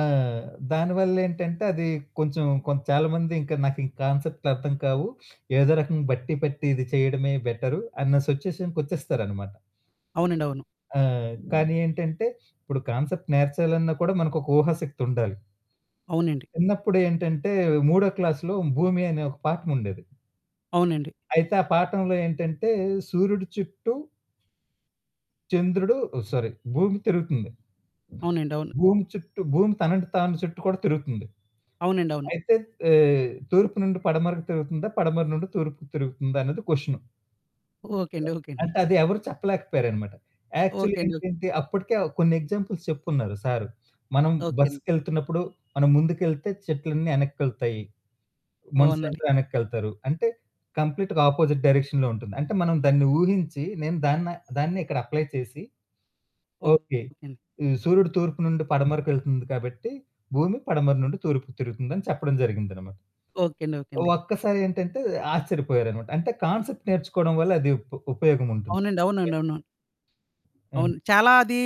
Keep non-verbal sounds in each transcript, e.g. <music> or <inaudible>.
ఆ! దానివళ్ళేంటంటే అది కొంచెం కొ చాలా మంది ఇంక నాకీ కాన్సెప్ అర్థం కావు. <sniffs> ఏదో రకంగా బట్టి పట్టి ఇది చేయడమే బెటరు అన్న సిచ్యుయేషన్‌కొచ్చేస్తారనమాట. అవునండి. అవును. ఆ! కానీ ఏంటంటే ఇప్పుడు కాన్సెప్ట్ నేర్చాలన్న కూడా మనకొక ఊహాశక్తి ఉండాలి. అవునండి. చిన్నప్పుడేంటంటే 3 క్లాస్‌లో భూమి అనే ఒక పాఠంముండేది. అవునండి. అయితే ఆ పాఠంలో ఏంటంటే సూర్యుడి చుట్టూ... చంద్రుడు ఆ సారీ భూమి తిరుగుతుంది. అవునండి. అవును. భూమి చుట్టూ భూమి తనని తాను చుట్టూ కూడా తిరుగుతుంది. అవునండి. అవును. అయితే ఆహ్, తూర్పు నుండి పడమరకు తిరుగుతుందా? పడమర నుండి తూర్పుకు తిరుగుతుందా? అనేది క్వెషను. ఓకే అండి. ఓకే అండి. అంటే అది ఎవరు చెప్పలేకపోయారన్నమాట. Actually okay. అండి. ఓ ఏంటంటే అప్పటికే ఆ కొన్ని ఎగ్జాంపుల్స్ చెప్పుకున్నారు సారు. మనం ఓకే అండి. బస్సుకెళ్తున్నప్పుడు మనం ముందుకెళ్తే చెట్లన్నీ ఎనక్కెళ్తాయి. అవునండి. మనుషులందరూ ఎనక్కెళ్తారు. అంటే కంప్లీట్‌గా ఆపోజిట్ డైరెక్షన్‌లో ఉంటుంది. అంటే మనం దాన్ని ఊహించి నేను దాన్న దాన్నిక్కడ అప్లై చేసి ఓకే. ఓకే అండి. ఈ సూర్యుడు తూర్పు నుండి పడమరకెళ్తుంది కాబట్టి, భూమి పడమర నుండి తూర్పుకు తిరుగుతుందని చెప్పడం జరిగిందన్నమాట. ఓకే. అండి ఓకే అండి. ఒక్కసారి ఏంటంటే ఆశ్చర్యపోయారన్నమాట అంటే కాన్సెప్ట్ నేర్చుకోడం వల్ల అది ఉప ఉపయోగముంటుంది. అవునండి. అవునండి. యాహ్! అవునవును. హ్మ్. అవును. చాలా అది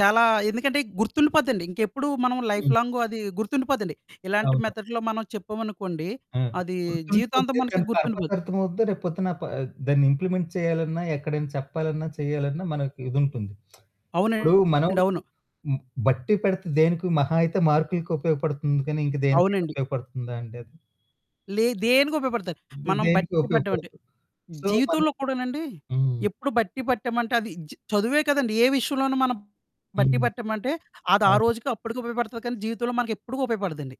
చాలా ఎందుకంటే గుర్తుండిపోద్దండి. ఇంకెప్పుడు మనం హ్మ్. లైఫ్‌లాంగు అది గుర్తుండిపోద్దండి. ఇలాంటి అవును. మెథడ్‌లో మనం చెప్పామనుకోండి. ఆ! అది జీవితాంతం గుర్తుండిపోతే మనకి దాని గుర్తుండిపో పర్పస్ అర్థం అవుద్ది. రేపు పొద్దున ఆ ప దాన్ని ఇంప్లిమెంట్ చేయాలన్నా, ఎక్కడైనా చెప్పాలన్నా, చెయ్యాలన్నా, మనకు ఇదుంటుంది. <smacks lips> ఇప్పుడు అవునండి. మనం అవును. హ్మ్, బట్టీ పెడితే దేనికి మహా అయితే మార్కు‌లకి ఉపయోగపడుతుంది గానీ ఇంకా దేనికైనా అవునండి. ఉపయోగపడుతుందా అండి అది? లే దేనికి ఉపయోగపడతది. ఇంక మనం దేనికి బట్టీ పట్టమంటే. ఉపయోగపడదు. సో, మని జీవితంలో కూడానండి హ్మ్. ఎప్పుడు బట్టీ పట్టామంటే అది చ చదువే కాదండీ ఏ విషయంలోనూ మనం బట్టీ హ్మ్. పట్టామంటే అది ఆ అవును. రోజుకి అప్పటికి ఉపయోగపడతది కానీ జీవితంలో మనకెప్పుడు ఉపయోగపడదండి.